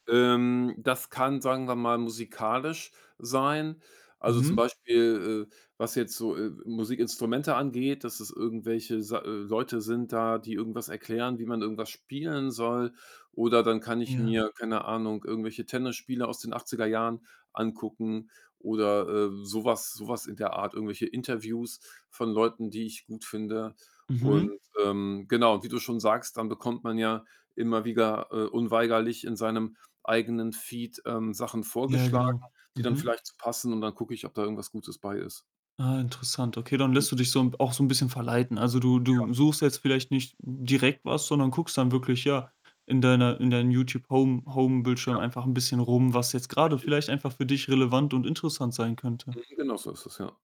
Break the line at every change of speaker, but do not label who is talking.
Ähm, das kann, sagen wir mal, musikalisch sein. Also, zum
Mhm.
Beispiel, äh, was jetzt so, äh, Musikinstrumente angeht, dass es irgendwelche, sei äh, Leute sind da, die irgendwas erklären, wie man irgendwas spielen soll. Oder dann kann ich
Ja.
mir, keine Ahnung, irgendwelche Tennisspiele aus den 80er- Jahren angucken oder, ähm, so was so was in der Art, irgendwelche Interviews von Leuten, die ich gut finde. Und,
Mhm.
ähm, genau, und wie du schon sagst, dann bekommt man ja immer wieder, äh, unweigerlich in seinem eigenen Feed, ähm, Sachen
Ja,
vorgeschlagen,
genau.
die dann
Mhm.
vielleicht so passen, und dann gucke ich, ob da irgendwas Gutes bei ist.
Ah, interessant. Okay, dann
Hm.
lässt du dich so 'n auch so 'n bisschen verleiten. Also, du
Ja.
du suchst jetzt vielleicht nicht direkt was, sondern guckst dann wirklich, ja, in deiner in deinem Youtube-Home Home-Bildschirm
Ja.
einfach ein bisschen rum, was jetzt grade
Richtig.
vielleicht einfach für dich relevant und interessant sein könnte.
Mhm, genau so ist es, ja.